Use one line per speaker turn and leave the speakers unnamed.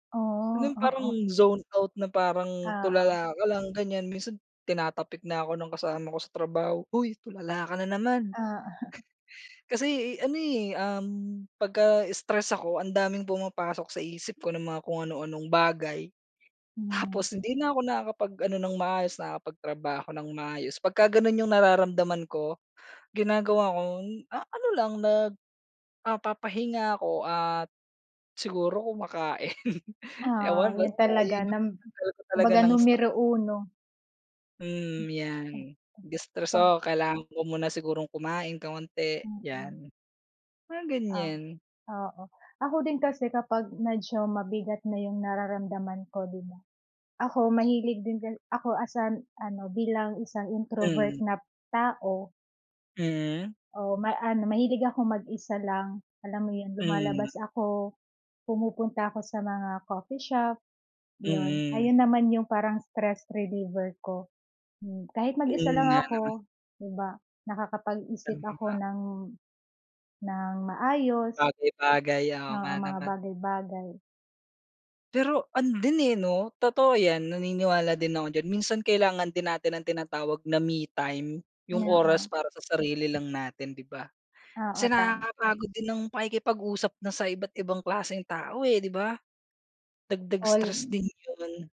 Oo,
No'ng parang
oo.
zone out na parang
Oo.
tulala ka lang, ganiyan. Minsan tinatapik na ako ng kasama ko sa trabaho, "Hoy, tulala ka na naman."
Oo.
Kasi, eh, ano, eh, um, 'pagka stress ako ang daming pumapasok sa isip ko na mga kung ano-anong bagay.
Hmm.
Tapos hindi na ako nakakapag ano ng maayos, nakapagtrabaho ng maayos. 'Pagka gano'n 'yong nararamdaman ko, ginagawa ko, ah, ano lang, nag ah, papahinga ako at siguro kumakain. Ewan
Oo, 'yon
basta
talaga,
'yon 'yong
num
pantanggal ko talaga
kumbaga
ng stress.
numero uno.
Mm, 'yan. De-stress,
[unintelligible]
oo. Kailangan ko muna sigurong kumain kaunti,
Mm.
'yan. Mga
Ah,
ganiyan.
oo. Ako din kasi kapag medyo mabigat na 'yong nararamdaman ko, 'di ba. Ako mahilig din kasi ako as, ah, ano, bilang isang introvert
Hmm.
na tao.
Hmm.
Oo, ma ano, mahilig akong mag-isa lang, alam mo 'yon.
Hmm.
Lumalabas ako, pumupunta ako sa mga coffee shop, 'yon.
Mm.
Ayun naman 'yong parang stress reliever ko. Hmm, kahit mag-isa
Mm,
lang
nga naman.
ako, 'di ba,
Tama
nakakapag-isip ako
ba.
ng ng maayos.
Bagay-bagay. Oo,
Oo,
nga
mga
naman.
bagay-bagay.
Pero ano din, eh, 'no, totoo 'yan naniniwala din ako dyan. Minsan kailangan din natin ang tinatawag na me time. 'Yong oras
Oo.
para sa sarili lang natin, 'di ba?
Oo,
Kasi
tama.
nakakapagod din ang pakikipag-usap na sa iba't ibang klaseng tao, eh, 'di ba? Dagdag
All.
stress din 'yon.